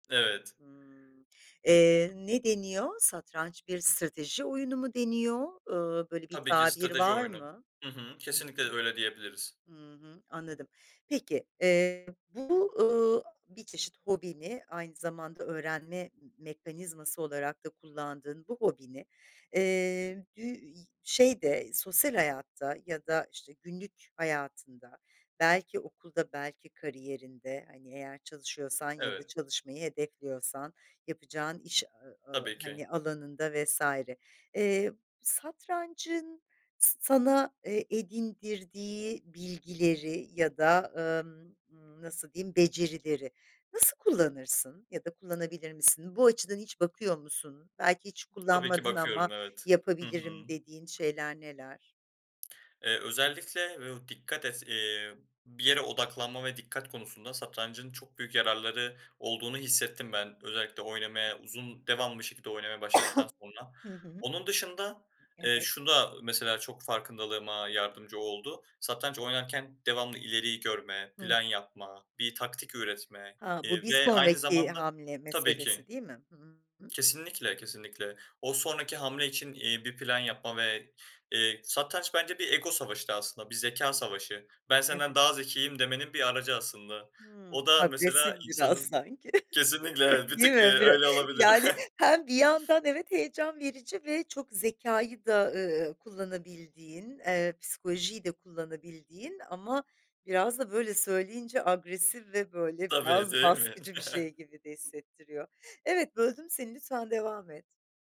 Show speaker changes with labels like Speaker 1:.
Speaker 1: Evet.
Speaker 2: Hımm. Eee, ne deniyor, satranç bir strateji oyunu mu deniyor? Eee, böyle bir
Speaker 1: Tabii ki
Speaker 2: tabir
Speaker 1: strateji
Speaker 2: var
Speaker 1: oyunu.
Speaker 2: mı?
Speaker 1: Hı hı.
Speaker 2: Hı
Speaker 1: Kesinlikle
Speaker 2: hı,
Speaker 1: öyle diyebiliriz.
Speaker 2: hı hı. Anladım. Peki. Eee, bu, ııı, a bir çeşit hobini, aynı zamanda öğrenme m mekanizması olarak da kullandığın bu hobini, eee, bü i şeyde, sosyal hayatta ya da işte günlük hayatında, belki okulda, belki kariyerinde, hani, eğer çalışıyorsan ya da
Speaker 1: Evet.
Speaker 2: çalışmayı hedefliyorsan yapacağın iş a a
Speaker 1: Tabii ki.
Speaker 2: hani, alanında vs. eee, satrancın s sana, eee, edindirdiği bilgileri ya da, emm, nasıl diyeyim, becerileri nasıl kullanırsın ya da kullanabilir misin? Bu açıdan hiç bakıyor musun? Belki hiç
Speaker 1: Tabii ki
Speaker 2: kullanmadın ama
Speaker 1: bakıyorum, evet. Hı
Speaker 2: "yapabilirim"
Speaker 1: hı.
Speaker 2: dediğin şeyler neler?
Speaker 1: Eee, özellikle [unintelligible] o dikkat et eee, bir yere odaklanma ve dikkat konusunda satrancın çok büyük yararları olduğunu hissettim ben özellikle oynamaya uzun devamlı bir şekilde oynamaya başladıktan sonra.
Speaker 2: Hı hı.
Speaker 1: Onun dışında, eee,
Speaker 2: Evet.
Speaker 1: şu da mesela çok farkındalığıma yardımcı oldu satranç oynarken devamlı ileriyi görme,
Speaker 2: Hı.
Speaker 1: plan yapma, bir taktik üretme,
Speaker 2: Ha, bu
Speaker 1: eee,
Speaker 2: bir
Speaker 1: ve aynı
Speaker 2: sonraki
Speaker 1: zamanda
Speaker 2: hamle
Speaker 1: Tabii
Speaker 2: meselesi,
Speaker 1: ki.
Speaker 2: değil mi? Hı hı.
Speaker 1: Kesinlikle, kesinlikle. O sonraki hamle için, eee, bir plan yapma ve, eee, satranç bence bir ego savaşı da aslında, bir zekâ savaşı. "Ben senden
Speaker 2: Evet.
Speaker 1: daha zekiyim," demenin bir aracı aslında.
Speaker 2: Hıı.
Speaker 1: O da,
Speaker 2: Agresif
Speaker 1: mesela,
Speaker 2: biraz
Speaker 1: insanın
Speaker 2: sanki,
Speaker 1: Kesinlikle evet, bir
Speaker 2: değil
Speaker 1: tık, eee,
Speaker 2: mi? Bir
Speaker 1: öyle olabilir.
Speaker 2: yani, hem bir yandan, evet, heyecan verici ve çok zekâyı da, ııı, kullanabildiğin, eee, psikolojiyi de kullanabildiğin ama biraz da böyle söyleyince agresif ve böyle
Speaker 1: Tabii,
Speaker 2: biraz
Speaker 1: değil mi?
Speaker 2: baskıcı bir şey gibi de hissettiriyor. Evet, böldüm seni, lütfen devam et.